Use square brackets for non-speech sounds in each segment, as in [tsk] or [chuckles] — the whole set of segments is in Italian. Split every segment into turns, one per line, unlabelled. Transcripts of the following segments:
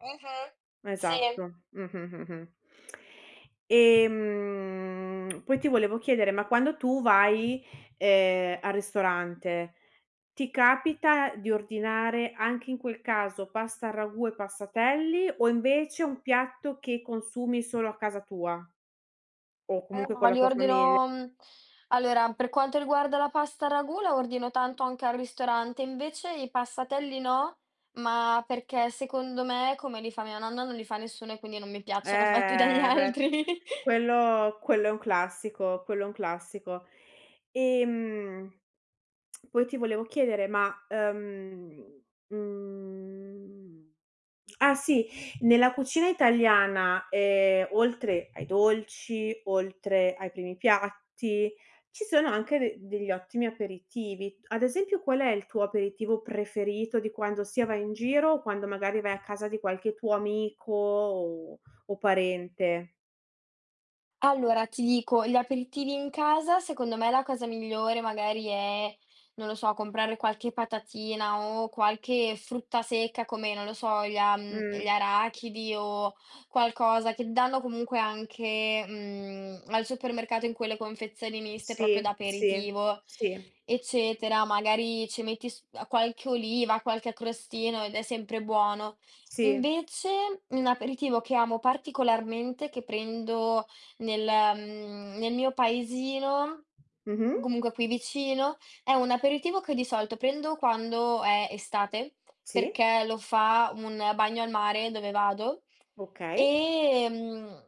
Mh-mh. Sì.
Esatto, mh, mh, mh, mh. Ehm, poi ti volevo chiedere, ma quando tu vai, ehm, al ristorante, ti capita di ordinare anche in quel caso, pasta al ragù e passatelli o invece un piatto che consumi solo a casa tua? O
Eh
comunque con
no,
la
li
tua famiglia.
ordino mhmm, allora, per quanto riguarda la pasta a ragù, la ordino tanto anche al ristorante. Invece i passatelli no, ma perché secondo me, come li fa mia nonna, non li fa nessuno e quindi non mi piacciono fatti dagli
Ehm, beh,
altri. [laughs]
quello quello è un classico, quello è un classico. Ehm, [tsk] poi ti volevo chiedere, ma, uhm, mhmm, ah sì, nella cucina italiana, ehm, oltre ai dolci, oltre ai primi piatti, ci sono anche de degli ottimi aperitivi. Ad esempio qual è il tuo aperitivo preferito di quando sia vai in giro o quando magari vai a casa di qualche tuo amico o o parente?
Allora ti dico, gli aperitivi in casa secondo me la cosa migliore magari è, non lo so, comprare qualche patatina o qualche frutta secca come non lo so, gli a mhmm, gli
Mh.
arachidi o qualcosa, che danno comunque anche, mhmm, al supermercato in quelle confezioni miste proprio da
Sì, sì,
aperitivo,
sì.
eccetera. Magari ci metti s uhm, qualche oliva, qualche a crostino ed è sempre buono.
Sì.
Invece, un aperitivo che amo particolarmente, che prendo nel mhmm, nel mio paesino,
Mh-mh.
comunque qui vicino, è un aperitivo che di solito prendo quando è estate
Sì.
perché lo fa un bagno al mare dove vado,
Okay.
ehm,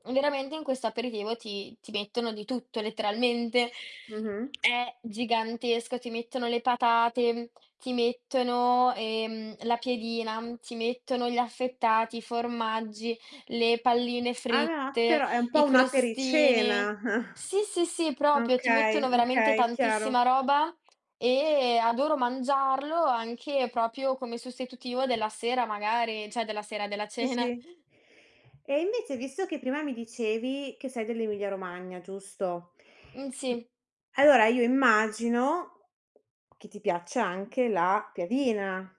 mhmm, veramente in questo aperitivo ti ti mettono di tutto letteralmente.
Mh-mh.
È gigantesco. Ti mettono le patate, ti mettono, ehm, la piadina, ti mettono gli affettati, i formaggi, le palline
Ah ve ah
fritte,
però è un
i
po' un
crostini.
apericena. [chuckles]
Sì, sì, sì, proprio ti mettono
Okay,
veramente
okay, chiaro.
tantissima roba, ehm, adoro mangiarlo anche proprio come sostitutivo della sera, magari cioè della sera, della
Sì,
cena. [chuckles]
sì. E invece visto che prima mi dicevi che sei dell'Emilia Romagna, giusto?
Mh,
M
sì.
allora io immagino, che ti piaccia anche la piadina?